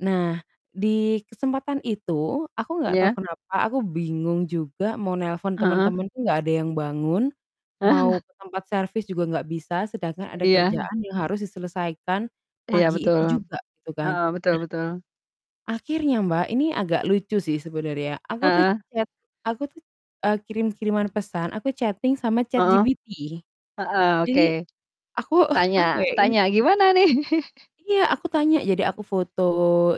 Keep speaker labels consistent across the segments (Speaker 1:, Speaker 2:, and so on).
Speaker 1: Nah, di kesempatan itu aku nggak tahu
Speaker 2: Iya?
Speaker 1: kenapa aku bingung juga mau nelpon
Speaker 2: Heeh?
Speaker 1: temen-temen tuh nggak ada yang bangun, mau ke tempat servis juga nggak bisa, sedangkan
Speaker 2: Eee,
Speaker 1: ada
Speaker 2: iya.
Speaker 1: kerjaan yang harus diselesaikan
Speaker 2: Iya
Speaker 1: pagi
Speaker 2: betul,
Speaker 1: itu juga gitu kan.
Speaker 2: heeh, betul
Speaker 1: Nah
Speaker 2: betul.
Speaker 1: akhirnya Mbak, ini agak lucu sih sebenarnya, aku tuh
Speaker 2: Heeh?
Speaker 1: chat aku tuh, eee, kirim-kiriman pesan, aku chatting sama
Speaker 2: Heeh,
Speaker 1: ChatGPT.
Speaker 2: heeh, oke.
Speaker 1: Jadi, aku apa
Speaker 2: Tanya
Speaker 1: ya, ini
Speaker 2: tanya gimana nih?
Speaker 1: Iya, aku tanya, jadi aku foto,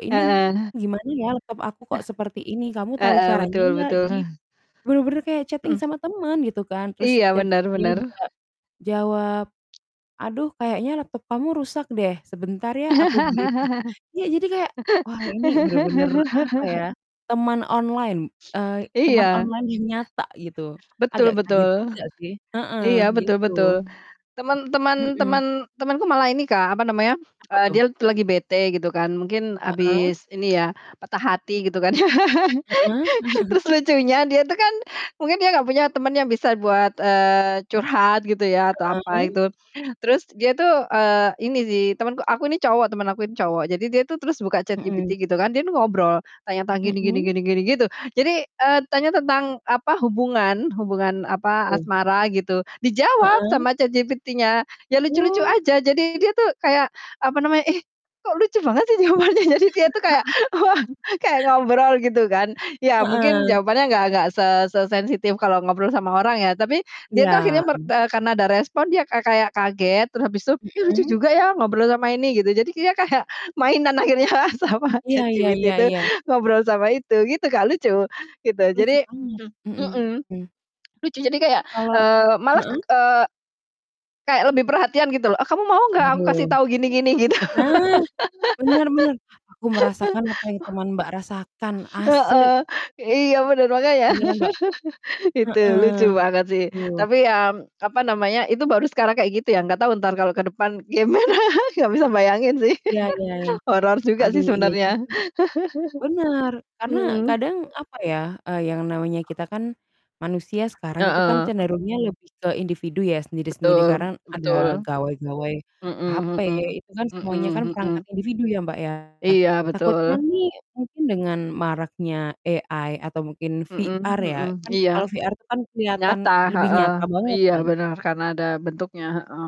Speaker 1: "Ini,
Speaker 2: Heeh.
Speaker 1: gimana ya laptop aku kok seperti ini? Kamu tahu
Speaker 2: Heeh,
Speaker 1: caranya
Speaker 2: betul
Speaker 1: enggak?"
Speaker 2: betul.
Speaker 1: Jadi benar-benar kayak, chatting
Speaker 2: Mhm.
Speaker 1: sama temen gitu kan terus
Speaker 2: Iya, benar
Speaker 1: ChatGPT-nya
Speaker 2: benar.
Speaker 1: juga jawab. "Aduh, kayaknya laptop kamu rusak deh, sebentar ya aku." [unintelligible] Iya, jadi kayak, wah, ini benar-benar, apa ya, teman online, eee, teman
Speaker 2: Iya.
Speaker 1: online yang nyata gitu, agak
Speaker 2: Betul
Speaker 1: kaget
Speaker 2: betul.
Speaker 1: juga sih, heeh,
Speaker 2: Iya, betul
Speaker 1: gitu.
Speaker 2: betul, temen temen
Speaker 1: Mhm.
Speaker 2: temen temanku malah ini Kak, apa namanya,
Speaker 1: Apa
Speaker 2: eee,
Speaker 1: tuh?
Speaker 2: dia lagi bete gitu kan mungkin
Speaker 1: Heeh?
Speaker 2: habis, ini ya, patah hati gitu kan ya.
Speaker 1: Heeh.
Speaker 2: Terus lucunya dia tuh kan mungkin dia nggak punya teman yang bisa buat, eee, curhat gitu ya atau apa
Speaker 1: Heeh.
Speaker 2: itu, terus dia itu, eee, ini sih temanku aku ini cowok teman aku ini cowok. Jadi, dia itu terus buka
Speaker 1: Mhm.
Speaker 2: ChatGPT gitu kan, dia nih ngobrol tanya-tanya gini gini
Speaker 1: Mhm?
Speaker 2: gini, gitu. Jadi, eee, tanya tentang, apa, hubungan hubungan,
Speaker 1: Apa
Speaker 2: apa,
Speaker 1: tuh?
Speaker 2: asmara gitu, dijawab
Speaker 1: Heeh?
Speaker 2: sama ChatGPT-nya, ya lucu-lucu
Speaker 1: Oh.
Speaker 2: saja. Jadi, dia itu kayak apa namanya, "Ih, kok lucu banget sih jawabannya?" Jadi dia itu kayak kayak ngobrol gitu kan, iya mungkin
Speaker 1: Heeh.
Speaker 2: jawabannya enggak enggak se sesensitif kalau ngobrol sama orang ya. Tapi dia itu akhirnya,
Speaker 1: Iya.
Speaker 2: mer eee, karena ada respon, dia ka kayak kaget terus habis tuh, "Ih lucu
Speaker 1: Mhm.
Speaker 2: juga ya ngobrol sama ini," gitu. Jadi dia kayak mainan akhirnya sama
Speaker 1: Iya iya iya
Speaker 2: ChatGPT itu
Speaker 1: iya.
Speaker 2: ngobrol sama itu, gitu Kak, lucu gitu.
Speaker 1: Lucu
Speaker 2: Jadi
Speaker 1: banget,
Speaker 2: mhm,
Speaker 1: mhm.
Speaker 2: lucu jadi kayak,
Speaker 1: Kalau
Speaker 2: eee, malah,
Speaker 1: heeh?
Speaker 2: eee, kayak lebih perhatian gitu loh, eee, "Kamu mau enggak aku kasih
Speaker 1: Waduh.
Speaker 2: tahu gini gini," gitu.
Speaker 1: Nah, benar benar, aku merasakan apa yang teman Mbak rasakan,
Speaker 2: Heeh,
Speaker 1: asli!
Speaker 2: iya bener makanya,
Speaker 1: Beneran, Mbak?
Speaker 2: itu
Speaker 1: Heeh,
Speaker 2: lucu banget sih.
Speaker 1: aduh.
Speaker 2: Tapi ya, apa namanya, itu baru sekarang kayak gitu ya, enggak tahu entar kalau ke depan gimana? Nggak bisa bayangin sih
Speaker 1: Iya iya iya.
Speaker 2: horor juga sih
Speaker 1: Aduh, iya
Speaker 2: sebenarnya.
Speaker 1: juga, benar, karena
Speaker 2: Mhm.
Speaker 1: kadang apa ya, eee, yang namanya kita kan manusia sekarang itu kan
Speaker 2: Heeh.
Speaker 1: cenderungnya lebih ke individu ya sendiri-sendiri
Speaker 2: Betul,
Speaker 1: karena ada
Speaker 2: betul.
Speaker 1: gawai-gawai HP
Speaker 2: Mhm mhm.
Speaker 1: itu kan semuanya kan
Speaker 2: Mhm mhm.
Speaker 1: perangkat individu ya, Mbak, ya?
Speaker 2: Iya, betul.
Speaker 1: Takutnya nih mungkin dengan maraknya AI atau mungkin
Speaker 2: Mhm
Speaker 1: VR ya,
Speaker 2: mhm,
Speaker 1: kan
Speaker 2: iya.
Speaker 1: kalau VR tuh kan kelihatan
Speaker 2: Nyata,
Speaker 1: lebih
Speaker 2: heeh,
Speaker 1: nyata banget
Speaker 2: iya
Speaker 1: kan?
Speaker 2: benar, karena ada bentuknya, heeh.